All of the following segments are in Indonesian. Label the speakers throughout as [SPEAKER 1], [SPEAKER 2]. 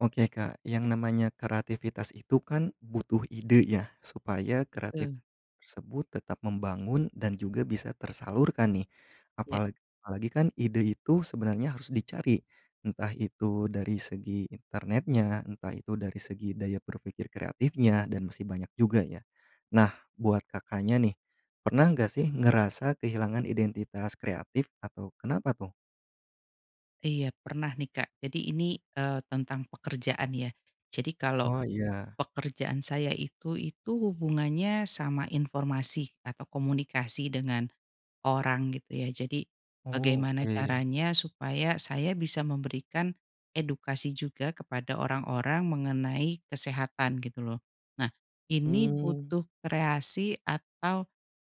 [SPEAKER 1] Oke Kak, yang namanya kreativitas itu kan butuh ide ya supaya kreatif
[SPEAKER 2] Heeh.
[SPEAKER 1] tersebut tetap membangun dan juga bisa tersalurkan nih.
[SPEAKER 2] Iya.
[SPEAKER 1] Apalagi apalagi kan ide itu sebenarnya harus dicari, entah itu dari segi internetnya, entah itu dari segi daya berpikir kreatifnya, dan masih banyak juga ya. Nah buat Kakaknya nih, pernah gak sih ngerasa kehilangan identitas kreatif atau kenapa tuh?
[SPEAKER 2] Iya, pernah nih Kak. Jadi ini, eee, tentang pekerjaan ya. Jadi kalau
[SPEAKER 1] Oh, iya.
[SPEAKER 2] pekerjaan saya itu itu hubungannya sama informasi atau komunikasi dengan orang gitu ya. Jadi
[SPEAKER 1] Oh,
[SPEAKER 2] bagaimana
[SPEAKER 1] oke.
[SPEAKER 2] caranya supaya saya bisa memberikan edukasi juga kepada orang-orang mengenai kesehatan, gitu loh. Nah ini
[SPEAKER 1] Hmm.
[SPEAKER 2] butuh kreasi atau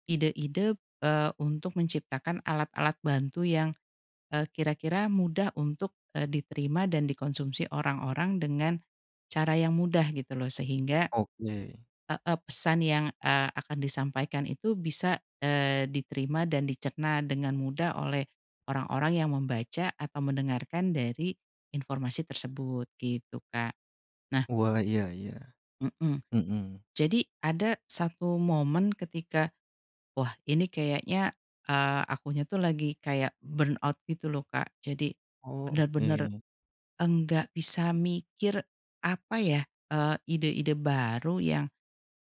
[SPEAKER 2] ide-ide, eee, untuk menciptakan alat-alat bantu yang, eee, kira-kira mudah untuk, eee, diterima dan dikonsumsi orang-orang dengan cara yang mudah, gitu loh. Sehingga
[SPEAKER 1] Oke.
[SPEAKER 2] heeh, pesan yang, eee, akan disampaikan itu bisa, eee, diterima dan dicerna dengan mudah oleh orang-orang yang membaca atau mendengarkan dari informasi tersebut gitu, Kak. Nah
[SPEAKER 1] Wah, iya iya,
[SPEAKER 2] Mhm,
[SPEAKER 1] mhm.
[SPEAKER 2] jadi ada 1 momen ketika wah ini kayaknya, eee, akunya tuh lagi kayak burnout gitu loh, Kak. Jadi
[SPEAKER 1] Oh,
[SPEAKER 2] bener-bener
[SPEAKER 1] oke.
[SPEAKER 2] enggak bisa mikir, apa ya, eee, ide-ide baru yang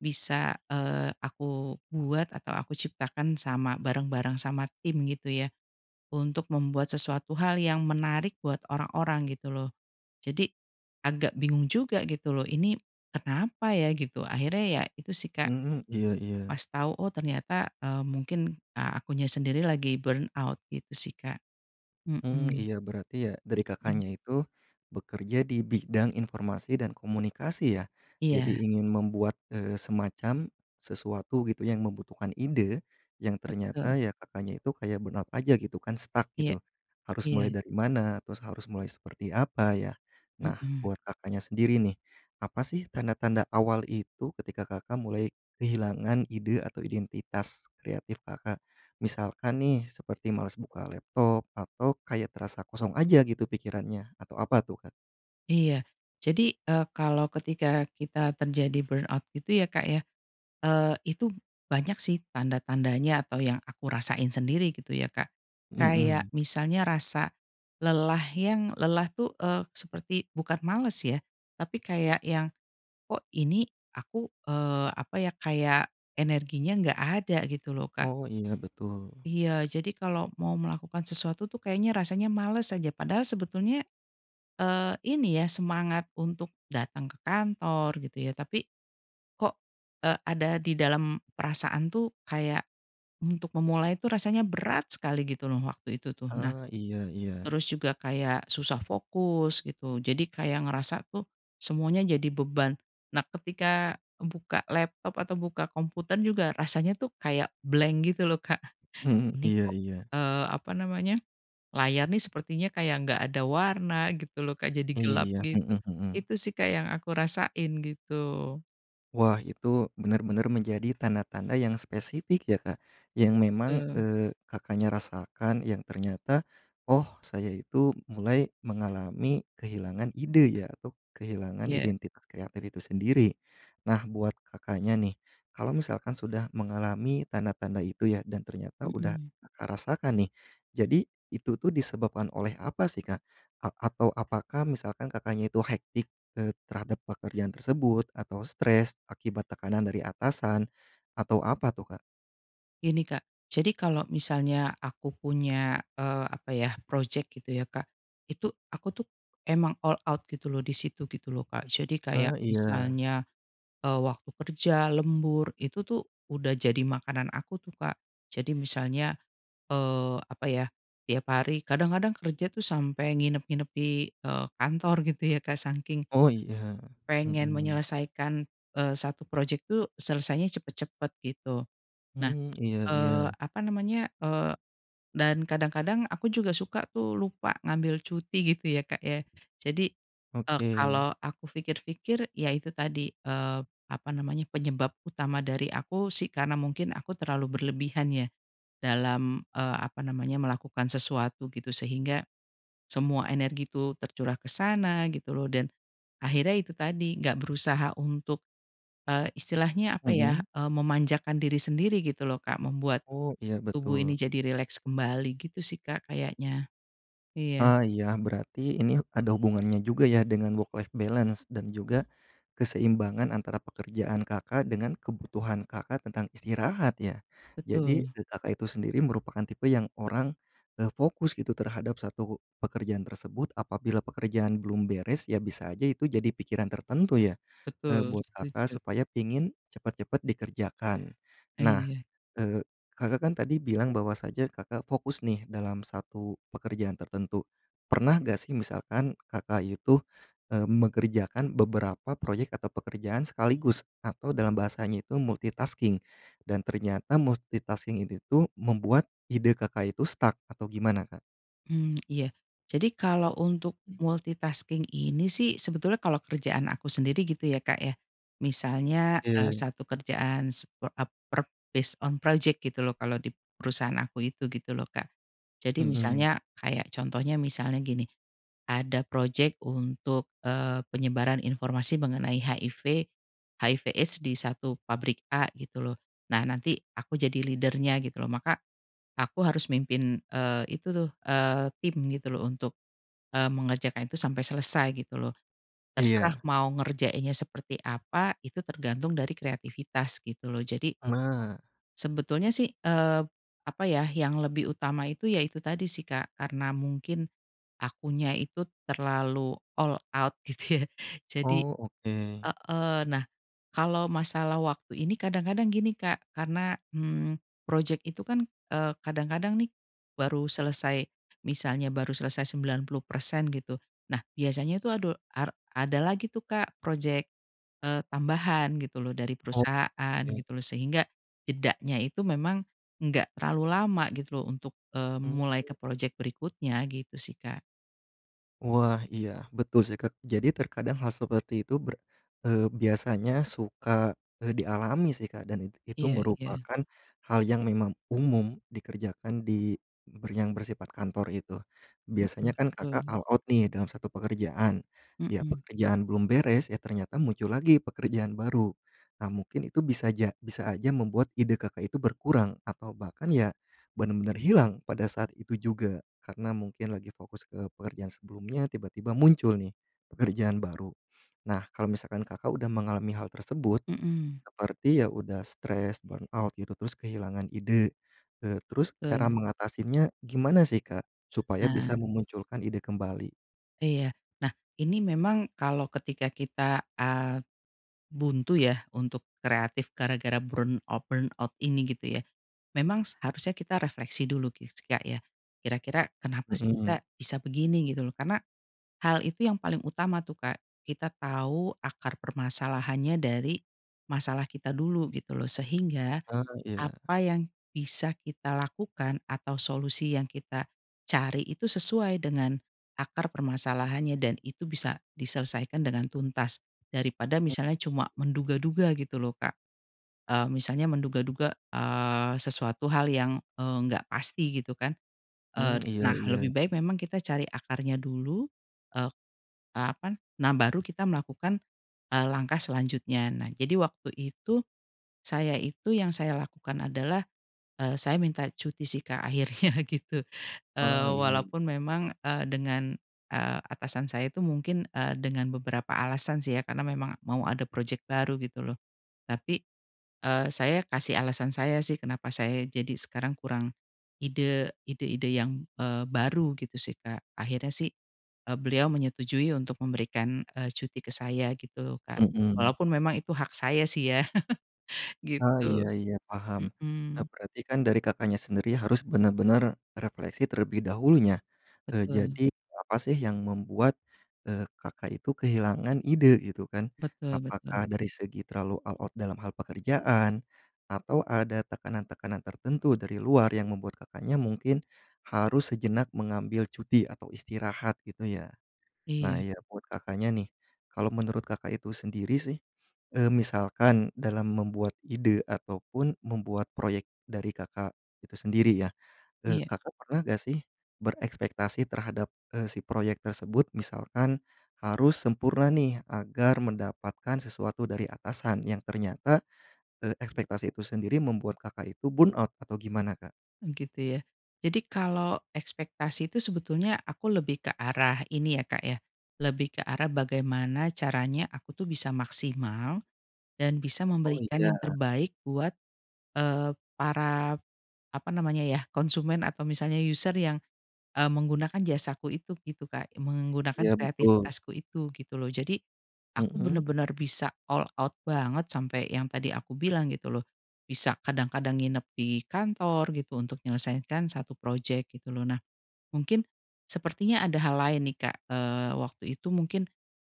[SPEAKER 2] bisa, eee, aku buat atau aku ciptakan sama bareng-bareng sama tim gitu ya, untuk membuat sesuatu hal yang menarik buat orang-orang gitu loh. Jadi agak bingung juga gitu loh, "Ini kenapa ya?" Gitu, akhirnya ya itu sih Kak
[SPEAKER 1] Mhm, iya iya.
[SPEAKER 2] pas tau, oh ternyata, eee, mungkin, eee, akunya sendiri lagi burnout gitu sih, Kak.
[SPEAKER 1] Mmm
[SPEAKER 2] Mhm.
[SPEAKER 1] iya berarti ya, dari
[SPEAKER 2] Mhm.
[SPEAKER 1] Kakaknya itu bekerja di bidang informasi dan komunikasi ya. Jadi
[SPEAKER 2] Iya.
[SPEAKER 1] ingin membuat, eee, semacam sesuatu gitu yang membutuhkan ide, yang
[SPEAKER 2] Betul.
[SPEAKER 1] ternyata ya Kakaknya itu kayak burnout aja gitu kan, stuck
[SPEAKER 2] Iya,
[SPEAKER 1] gitu. Harus
[SPEAKER 2] iya.
[SPEAKER 1] mulai dari mana, terus harus mulai seperti apa ya, nah
[SPEAKER 2] Mhm.
[SPEAKER 1] buat Kakaknya sendiri nih, apa sih tanda-tanda awal itu ketika Kakak mulai kehilangan ide atau identitas kreatif, Kakak? Misalkan nih seperti males buka laptop atau kayak terasa kosong aja gitu pikirannya atau apa tuh, Kak?
[SPEAKER 2] Iya. Jadi, eee, kalau ketika kita terjadi burnout gitu ya Kak ya, eee, itu banyak sih tanda-tandanya atau yang aku rasain sendiri gitu ya Kak, kayak
[SPEAKER 1] Mhm.
[SPEAKER 2] misalnya rasa lelah yang lelah tuh, eee, seperti bukan males ya, tapi kayak yang, "Kok ini aku, eee, apa ya, kayak energinya nggak ada," gitu loh, Kak.
[SPEAKER 1] Oh, iya betul.
[SPEAKER 2] Iya, jadi kalau mau melakukan sesuatu tuh kayaknya rasanya males aja, padahal sebetulnya, eee, ini ya semangat untuk datang ke kantor gitu ya tapi kok e ada di dalam perasaan tuh kayak untuk memulai tuh rasanya berat sekali gitu loh, waktu itu tuh. Nah,
[SPEAKER 1] Ah, iya iya.
[SPEAKER 2] terus juga kayak susah fokus gitu, jadi kayak ngerasa tuh semuanya jadi beban, nah ketika buka laptop atau buka komputer juga rasanya tuh kayak blank gitu loh Kak,
[SPEAKER 1] Mhm,
[SPEAKER 2] ini
[SPEAKER 1] iya
[SPEAKER 2] kok,
[SPEAKER 1] iya.
[SPEAKER 2] eee, apa namanya, layar nih sepertinya kayak nggak ada warna gitu loh Kak jadi gelap
[SPEAKER 1] Iya,
[SPEAKER 2] gitu,
[SPEAKER 1] mhm mhm.
[SPEAKER 2] itu sih Kak yang aku rasain gitu.
[SPEAKER 1] Wah, itu benar-benar menjadi tanda-tanda yang spesifik ya Kak, yang memang,
[SPEAKER 2] Betul.
[SPEAKER 1] eee, Kakaknya rasakan yang ternyata, "Oh saya itu mulai mengalami kehilangan ide ya atau kehilangan
[SPEAKER 2] Iya.
[SPEAKER 1] identitas kreatif itu sendiri." Nah buat Kakaknya nih, kalau misalkan sudah mengalami tanda-tanda itu ya dan ternyata udah
[SPEAKER 2] Mhm.
[SPEAKER 1] Kakak rasakan nih, jadi itu tuh disebabkan oleh apa sih Kak? A atau apakah misalkan Kakaknya itu hectic, eee, terhadap pekerjaan tersebut atau stres akibat tekanan dari atasan atau apa tuh, Kak?
[SPEAKER 2] Gini Kak, jadi kalau misalnya aku punya, eee, apa ya, projek gitu ya Kak, itu aku tuh emang all out gitu loh di situ gitu loh Kak, jadi
[SPEAKER 1] Ah,
[SPEAKER 2] kayak
[SPEAKER 1] iya.
[SPEAKER 2] misalnya, eee, waktu kerja lembur itu tuh udah jadi makanan aku tuh Kak, jadi misalnya, eee, apa ya, tiap hari kadang-kadang kerja tuh sampai nginep-nginep di, eee, kantor gitu ya Kak, saking
[SPEAKER 1] Oh iya,
[SPEAKER 2] pengen
[SPEAKER 1] mhm.
[SPEAKER 2] menyelesaikan, eee, 1 projek tuh selesainya cepat-cepat, gitu. Nah,
[SPEAKER 1] Mhm, iya
[SPEAKER 2] eee,
[SPEAKER 1] iya.
[SPEAKER 2] apa namanya, eee, dan kadang-kadang aku juga suka tuh lupa ngambil cuti gitu ya, Kak, ya. Jadi, eee,
[SPEAKER 1] Oke.
[SPEAKER 2] kalau aku pikir-pikir iya itu tadi, eee, apa namanya, penyebab utama dari aku sih karena mungkin aku terlalu berlebihan ya dalam, eee, apa namanya, melakukan sesuatu gitu sehingga semua energi itu tercurah ke sana gitu loh dan akhirnya itu tadi nggak berusaha untuk, eee, istilahnya, apa ya,
[SPEAKER 1] Mhm.
[SPEAKER 2] eee, memanjakan diri sendiri gitu loh Kak, membuat
[SPEAKER 1] Oh, iya
[SPEAKER 2] tubuh ini
[SPEAKER 1] betul.
[SPEAKER 2] jadi rileks kembali gitu sih Kak kayaknya. Iya.
[SPEAKER 1] Ah iya, berarti ini ada hubungannya juga ya dengan work life balance dan juga keseimbangan antara pekerjaan Kakak dengan kebutuhan Kakak tentang istirahat ya. Jadi
[SPEAKER 2] Betul.
[SPEAKER 1] e Kakak itu sendiri merupakan tipe yang orang, eee, fokus gitu terhadap 1 pekerjaan tersebut apabila pekerjaan belum beres ya bisa aja itu jadi pikiran tertentu ya, eee,
[SPEAKER 2] Betul,
[SPEAKER 1] buat
[SPEAKER 2] setuju.
[SPEAKER 1] Kakak, supaya pingin cepet-cepet dikerjakan.
[SPEAKER 2] Ah,
[SPEAKER 1] Nah,
[SPEAKER 2] iya.
[SPEAKER 1] eee, Kakak kan tadi bilang bahwasanya Kakak fokus nih dalam 1 pekerjaan tertentu, pernah nggak sih misalkan Kakak itu, eee, mengerjakan beberapa proyek atau pekerjaan sekaligus atau dalam bahasanya itu multitasking dan ternyata multitasking ini tuh membuat ide Kakak itu stuck atau gimana, Kak?
[SPEAKER 2] Mmm, iya. Jadi kalau untuk multitasking ini sih sebetulnya kalau kerjaan aku sendiri gitu ya Kak ya misalnya, eee,
[SPEAKER 1] Oke.
[SPEAKER 2] 1 kerjaan sep ap per based on project gitu loh kalau di perusahaan aku itu, gitu loh, Kak. Jadi
[SPEAKER 1] Mhm.
[SPEAKER 2] misalnya kayak contohnya misalnya gini, ada projek untuk, eee, penyebaran informasi mengenai HIV, HIV AIDS di satu pabrik a gitu loh, nah nanti aku jadi leader-nya gitu loh maka aku harus mimpin, eee, itu tuh, eee, tim gitu loh untuk, eee, mengerjakan itu sampai selesai gitu loh, terserah
[SPEAKER 1] Iya.
[SPEAKER 2] mau ngerjainnya seperti apa, itu tergantung dari kreativitas gitu loh, jadi
[SPEAKER 1] Ma
[SPEAKER 2] sebetulnya sih, eee, apa ya, yang lebih utama itu ya itu tadi sih Kak, karena mungkin akunya itu terlalu all out gitu ya, jadi
[SPEAKER 1] Oh, oke.
[SPEAKER 2] heeh, nah kalau masalah waktu ini kadang-kadang gini Kak karena, mmm, proyek itu kan, eee, kadang-kadang nih baru selesai misalnya baru selesai 90% gitu, nah biasanya tuh ado ar ada lagi tuh Kak proyek, eee, tambahan gitu loh, dari perusahaan
[SPEAKER 1] Oke.
[SPEAKER 2] gitu loh, sehingga jedanya itu memang enggak terlalu lama gitu loh untuk, eee,
[SPEAKER 1] Mhm.
[SPEAKER 2] mulai ke proyek berikutnya gitu sih, Kak.
[SPEAKER 1] Wah iya betul sih Kak, jadi terkadang hal seperti itu ber eee, biasanya suka, eee, dialami sih Kak, dan it itu
[SPEAKER 2] Iya iya.
[SPEAKER 1] merupakan hal yang memang umum dikerjakan di ber yang bersifat kantor itu. Biasanya
[SPEAKER 2] Mhm,
[SPEAKER 1] kan Kakak
[SPEAKER 2] betul.
[SPEAKER 1] all out nih dalam 1 pekerjaan, ya
[SPEAKER 2] Mhm.
[SPEAKER 1] pekerjaan belum beres, ya ternyata muncul lagi pekerjaan baru, nah mungkin itu bisa ja bisa aja membuat ide Kakak itu berkurang atau bahkan ya benar-benar hilang pada saat itu juga, karena mungkin lagi fokus ke pekerjaan sebelumnya tiba-tiba muncul nih pekerjaan baru. Nah kalau misalkan Kakak udah mengalami hal tersebut
[SPEAKER 2] Mhm.
[SPEAKER 1] seperti ya udah stres, burnout gitu, terus kehilangan ide, eee, terus cara
[SPEAKER 2] Betul.
[SPEAKER 1] mengatasinya gimana sih Kak, supaya
[SPEAKER 2] Nah.
[SPEAKER 1] bisa memunculkan ide kembali?
[SPEAKER 2] Iya. Nah ini memang kalau ketika kita, eee, buntu ya untuk kreatif gara-gara burnout-burnout ini gitu ya, memang seharusnya kita refleksi dulu ki sih Kak ya, kira-kira kenapa sih
[SPEAKER 1] Mhm.
[SPEAKER 2] kita bisa begini? Gitu loh, karena hal itu yang paling utama tuh Kak, kita tahu akar permasalahannya dari masalah kita dulu gitu loh sehingga
[SPEAKER 1] Ah, iya.
[SPEAKER 2] apa yang bisa kita lakukan atau solusi yang kita cari itu sesuai dengan akar permasalahannya dan itu bisa diselesaikan dengan tuntas, daripada
[SPEAKER 1] M.
[SPEAKER 2] misalnya cuma menduga-duga gitu loh Kak, eee, misalnya menduga-duga, eee, sesuatu hal yang, eee, nggak pasti gitu kan,
[SPEAKER 1] Mmm,
[SPEAKER 2] eee,
[SPEAKER 1] iya
[SPEAKER 2] nah lebih
[SPEAKER 1] iya.
[SPEAKER 2] baik memang kita cari akarnya dulu, e eee, apa n nah baru kita melakukan, eee, langkah selanjutnya. Nah jadi waktu itu saya itu yang saya lakukan adalah, eee, saya minta cuti sih Kak akhirnya gitu, eee,
[SPEAKER 1] Ah, iya.
[SPEAKER 2] walaupun memang, eee, dengan eee, atasan saya itu mungkin, eee, dengan beberapa alasan sih ya karena memang mau ada proyek baru gitu loh. Tapi, eee, saya kasih alasan saya sih kenapa saya jadi sekarang kurang ide ide-ide yang, eee, baru gitu sih Kak, akhirnya sih, e beliau menyetujui untuk memberikan, eee, cuti ke saya gitu loh, Kak.
[SPEAKER 1] Mhm.
[SPEAKER 2] Walaupun memang itu hak saya sih ya,
[SPEAKER 1] Ah iya
[SPEAKER 2] gitu.
[SPEAKER 1] iya paham, nah,
[SPEAKER 2] Mhm.
[SPEAKER 1] berartikan dari Kakaknya sendiri harus benar-benar refleksi terlebih dahulunya, eee,
[SPEAKER 2] Betul.
[SPEAKER 1] jadi apa sih yang membuat, eee, Kakak itu kehilangan ide gitu kan,
[SPEAKER 2] Betul betul.
[SPEAKER 1] apakah dari segi terlalu all out dalam hal pekerjaan? Atau ada tekanan-tekanan tertentu dari luar yang membuat Kakaknya mungkin harus sejenak mengambil cuti atau istirahat, gitu ya? Nah
[SPEAKER 2] Iya.
[SPEAKER 1] ya buat Kakaknya nih, kalau menurut Kakak itu sendiri sih, eee, misalkan dalam membuat ide ataupun membuat proyek dari Kakak itu sendiri ya, eee,
[SPEAKER 2] Iya.
[SPEAKER 1] Kakak pernah gak sih berekspektasi terhadap, eee, si proyek tersebut, misalkan harus sempurna nih agar mendapatkan sesuatu dari atasan yang ternyata, eee, ekspektasi itu sendiri membuat Kakak itu burnout atau gimana, Kak?
[SPEAKER 2] Oh gitu ya. Jadi kalau ekspektasi itu sebetulnya aku lebih ke arah ini ya Kak ya, lebih ke arah bagaimana caranya aku tuh bisa maksimal dan bisa
[SPEAKER 1] Oh,
[SPEAKER 2] memberikan yang
[SPEAKER 1] iya.
[SPEAKER 2] terbaik buat, eee, para, apa namanya ya, konsumen atau misalnya user yang, e menggunakan jasaku itu gitu Kak, menggunakan
[SPEAKER 1] Iya, betul.
[SPEAKER 2] kreativitasku itu gitu loh. Jadi aku
[SPEAKER 1] Mhm.
[SPEAKER 2] bener-bener bisa all out banget sampai yang tadi aku bilang gitu loh, bisa kadang-kadang nginep di kantor gitu untuk menyelesaikan 1 proyek gitu loh. Nah mungkin sepertinya ada hal lain nih Kak, eee, waktu itu mungkin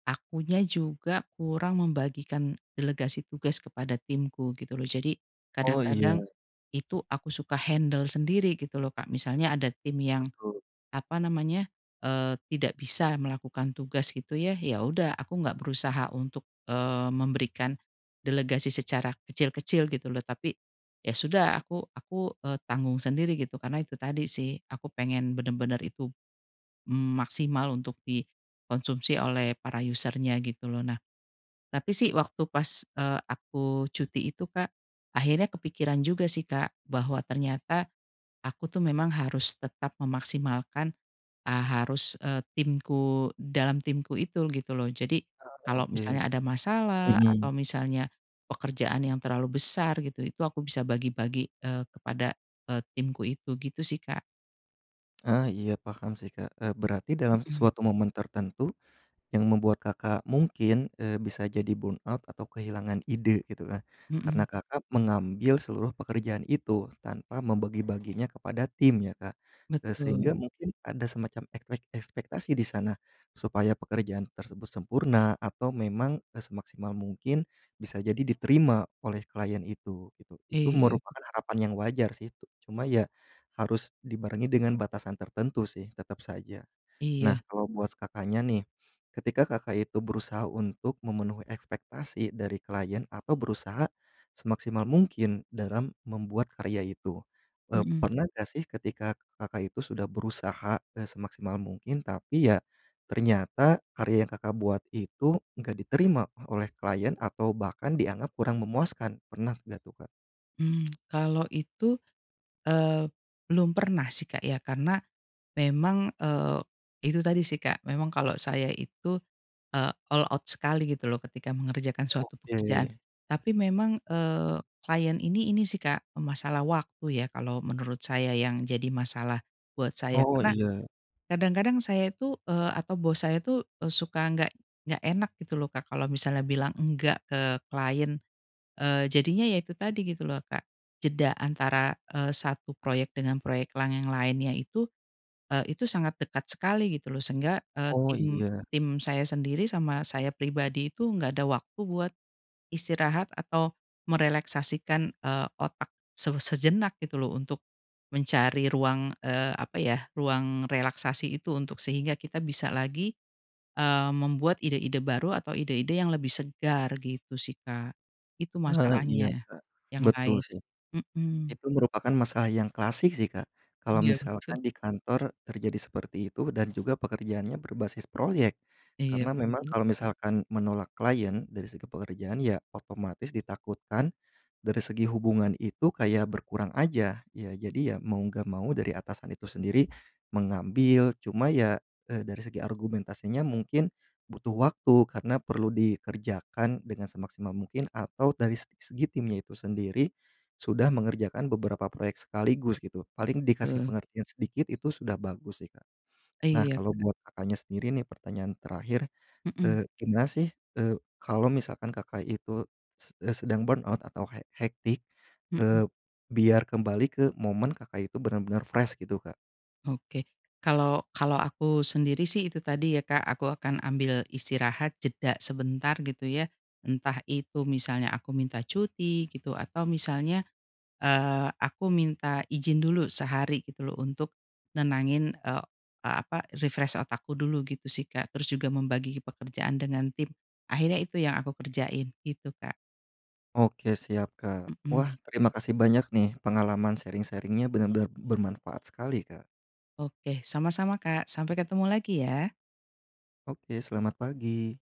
[SPEAKER 2] akunya juga kurang membagikan delegasi tugas kepada timku gitu loh, jadi
[SPEAKER 1] Oh, iya.
[SPEAKER 2] kadang-kadang itu aku suka handle sendiri gitu loh Kak, misalnya ada tim yang,
[SPEAKER 1] Betul.
[SPEAKER 2] apa namanya, eee, tidak bisa melakukan tugas gitu ya, ya udah aku nggak berusaha untuk, eee, memberikan delegasi secara kecil-kecil gitu loh, tapi ya sudah aku aku eee, tanggung sendiri gitu. Karena itu tadi sih, aku pengen bener-bener itu, mmm, maksimal untuk dikonsumsi oleh para user-nya gitu loh. Nah tapi sih waktu pas, eee, aku cuti itu Kak, akhirnya kepikiran juga sih Kak bahwa ternyata aku tuh memang harus tetap memaksimalkan a harus, eee, timku dalam timku itu gitu loh, jadi
[SPEAKER 1] Ah,
[SPEAKER 2] kalau
[SPEAKER 1] oke.
[SPEAKER 2] misalnya ada masalah
[SPEAKER 1] Mhm.
[SPEAKER 2] atau misalnya pekerjaan yang terlalu besar gitu, itu aku bisa bagi-bagi, eee, kepada, eee, timku itu gitu sih, Kak.
[SPEAKER 1] Ah iya, paham sih Kak, eee, berarti dalam
[SPEAKER 2] Mhm.
[SPEAKER 1] suatu momen tertentu yang membuat Kakak mungkin, eee, bisa jadi burnout atau kehilangan ide gitu kan, karena
[SPEAKER 2] Mhm.
[SPEAKER 1] Kakak mengambil seluruh pekerjaan itu tanpa membagi-baginya kepada tim ya Kak, eee, sehingga
[SPEAKER 2] Betul.
[SPEAKER 1] mungkin ada semacam ekpek ekspektasi di sana supaya pekerjaan tersebut sempurna atau memang, e semaksimal mungkin bisa jadi diterima oleh klien itu gitu, itu
[SPEAKER 2] Iya.
[SPEAKER 1] merupakan harapan yang wajar sih, tu cuma ya harus dibarengi dengan batasan tertentu sih, tetap saja. Nah
[SPEAKER 2] Iya.
[SPEAKER 1] kalau buat Kakaknya nih ketika Kakak itu berusaha untuk memenuhi ekspektasi dari klien atau berusaha semaksimal mungkin dalam membuat karya itu. Eee,
[SPEAKER 2] Mhm.
[SPEAKER 1] pernah gak sih ketika Kakak itu sudah berusaha, eee, semaksimal mungkin, tapi ya ternyata karya yang Kakak buat itu enggak diterima oleh klien atau bahkan dianggap kurang memuaskan, pernah nggak tuh, Kak?
[SPEAKER 2] Hmm, kalau itu, eee, belum pernah sih Kak ya karena memang, eee, itu tadi sih Kak memang kalau saya itu, eee, all out sekali gitu loh ketika mengerjakan suatu pekerjaan.
[SPEAKER 1] Oke.
[SPEAKER 2] Tapi memang, eee, klien ini ini sih Kak masalah waktu ya kalau menurut saya yang jadi masalah buat saya,
[SPEAKER 1] Oh,
[SPEAKER 2] karena
[SPEAKER 1] iya.
[SPEAKER 2] kadang-kadang saya itu, eee, atau bos saya itu e suka nggak nggak enak gitu loh Kak, kalau misalnya bilang enggak ke klien, eee, jadinya ya itu tadi gitu loh Kak. Jeda antara, eee, 1 proyek dengan proyek lang yang lainnya itu, eee, itu sangat dekat sekali gitu loh. Sehingga, eee,
[SPEAKER 1] Oh
[SPEAKER 2] tim
[SPEAKER 1] iya.
[SPEAKER 2] tim saya sendiri sama saya pribadi itu nggak ada waktu buat istirahat atau merileksasikan, eee, otak se sejenak gitu loh untuk mencari ruang, eee, apa ya, ruang relaksasi itu untuk sehingga kita bisa lagi, eee, membuat ide-ide baru atau ide-ide yang lebih segar, gitu sih, Kak. Itu
[SPEAKER 1] Heeh, iya
[SPEAKER 2] masalahnya
[SPEAKER 1] Kak,
[SPEAKER 2] yang
[SPEAKER 1] betul
[SPEAKER 2] lain,
[SPEAKER 1] sih.
[SPEAKER 2] mhm.
[SPEAKER 1] Itu merupakan masalah yang klasik sih Kak, kalau
[SPEAKER 2] Iya betul.
[SPEAKER 1] misalkan di kantor terjadi seperti itu dan juga pekerjaannya berbasis proyek,
[SPEAKER 2] Iya,
[SPEAKER 1] karna memang
[SPEAKER 2] betul.
[SPEAKER 1] kalo misalkan menolak klien dari segi pekerjaan ya otomatis ditakutkan dari segi hubungan itu kayak berkurang aja. Ya jadi ya mau nggak mau dari atasan itu sendiri mengambil cuma ya, eee, dari segi argumentasinya mungkin butuh waktu karena perlu dikerjakan dengan semaksimal mungkin atau dari se segi timnya itu sendiri sudah mengerjakan beberapa proyek sekaligus gitu, paling dikasih
[SPEAKER 2] Betul.
[SPEAKER 1] pengertian sedikit itu sudah bagus sih, Kak. Nah
[SPEAKER 2] Iya,
[SPEAKER 1] kalau
[SPEAKER 2] Kak.
[SPEAKER 1] buat Kakaknya sendiri nih pertanyaan terakhir,
[SPEAKER 2] Mhm.
[SPEAKER 1] eee, gimana sih, eee, kalau misalkan Kakak itu s eee, sedang burnout atau hec hectic,
[SPEAKER 2] Mhm.
[SPEAKER 1] eee, biar kembali ke momen Kakak itu benar-benar fresh gitu, Kak?
[SPEAKER 2] Oke. kalau kalau aku sendiri sih itu tadi ya Kak, aku akan ambil istirahat jeda sebentar gitu ya, entah itu misalnya aku minta cuti gitu, atau misalnya, eee, aku minta izin dulu sehari gitu loh untuk nenangin, eee e apa, refresh otak aku dulu gitu sih Kak, terus juga membagi pekerjaan dengan tim. Akhirnya itu yang aku kerjain gitu, Kak.
[SPEAKER 1] Oke siap Kak. Wah
[SPEAKER 2] Mhm.
[SPEAKER 1] terima kasih banyak nih pengalaman sharing-sharing-nya benar-benar bermanfaat sekali, Kak.
[SPEAKER 2] Oke, sama-sama Kak, sampai ketemu lagi ya.
[SPEAKER 1] Oke, selamat pagi.